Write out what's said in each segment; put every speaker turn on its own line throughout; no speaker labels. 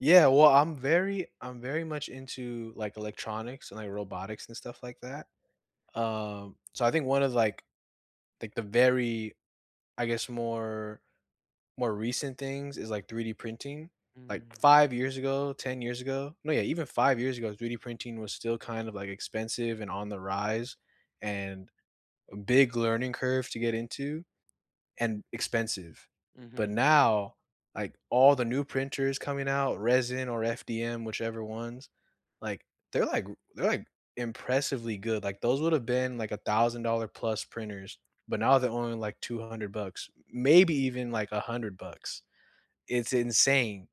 Yeah. Well, I'm very I'm very much into, like, electronics and, like, robotics and stuff like that. Uh, so, I think 1 of, like like, the very I guess, more more recent things is, like, 3D printing. Like,
Mm.
5 years ago, 10 years ago no, yeah, even 5 years ago, 3D printing was still kind of, like, expensive and on the rise and a big learning curve to get into and expensive, but,
Mhm.
now, like, all the new printers coming out, resin or FDM, whichever ones, like they're, like they're, like, impressively good, like, those would've been, like, a thousand-dollar-plus printers, but now they're only, like, 200 bucks, m maybe even, like, 100 bucks. It's insane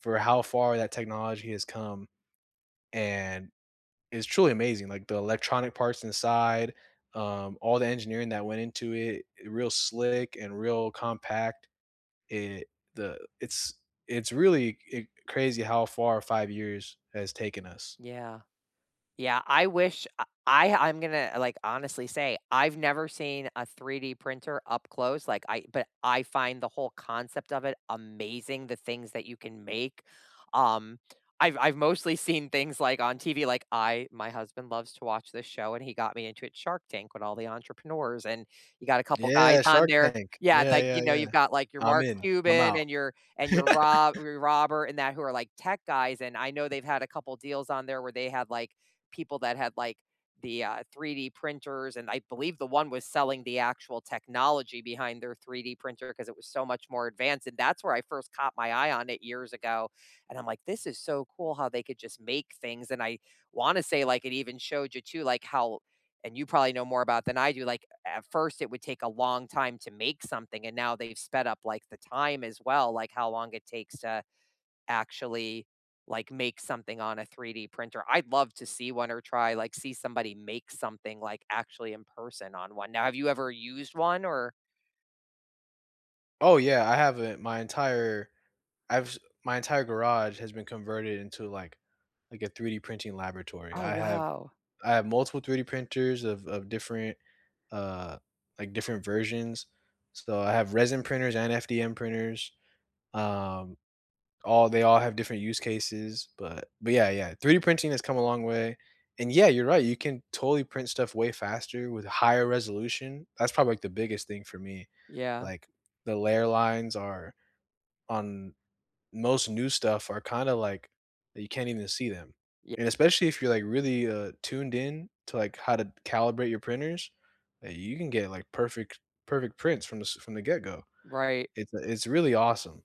for how far that technology has come, and it's truly amazing, like, the electronic parts inside, um, all the engineering that went into it, i real slick and real compact. It the it's it's really e crazy how far 5 years has taken us.
Yeah. Yeah. I wish I I I'm gonna, like, honestly say, I've never seen a 3D printer up close, like, I but I find the whole concept of it amazing, the things that you can make. Um, I've I've mostly seen things, like, on TV, like, I my husband loves to watch this show, and he got me into it, Shark Tank with all the entrepreneurs, and you got a couple guys
Yeah,
on
Shark
there
Tank.
Yeah, it's
Yeah,
like, you
yeah,
know, you've
yeah.
got, like, your
"I'm
Mark
in. I'm
Cuban
out."
and your and your Rob Robert and that who are, like, tech guys and I know they've had a couple deals on there where they had, like, people that had, like, the, uh, 3D printers, and I believe the one was selling the actual technology behind their 3D printer 'cause it was so much more advanced, and that's where I first caught my eye on it years ago, and I'm, like, "This is so cool how they could just make things." And I wanna say, like, it even showed you, too like, how and you probably know more about than I do like, a at first, it would take a long time to make something, and now they've sped up, like, the time as well, like, how long it takes to actually, like, make something on a 3D printer. I'd love to see 1 or try like, see somebody make something, like, actually in person on one. Now, have you ever used one? Or
Oh, yeah. I have it my entire I've s my entire garage has been converted into, like like, a 3D printing laboratory.
Oh,
I have
wow.
I have multiple 3D printers of of different, uh, like, different versions. So, I have resin printers and FDM printers. Um, all they all have different use cases, but but, yeah, yeah. 3D printing has come a long way and yeah, you're right, you can totally print stuff way faster with higher resolution. That's probably, like, the biggest thing for me,
Yeah.
like, the layer lines are on most new stuff are kinda, like that you can't even see them.
Ye
And especially if you're, like, really, uh, tuned in to, like, how to calibrate your printers, eh, you can get, like, perfect perfect prints from this from the get go.
Right.
It's it's really awesome.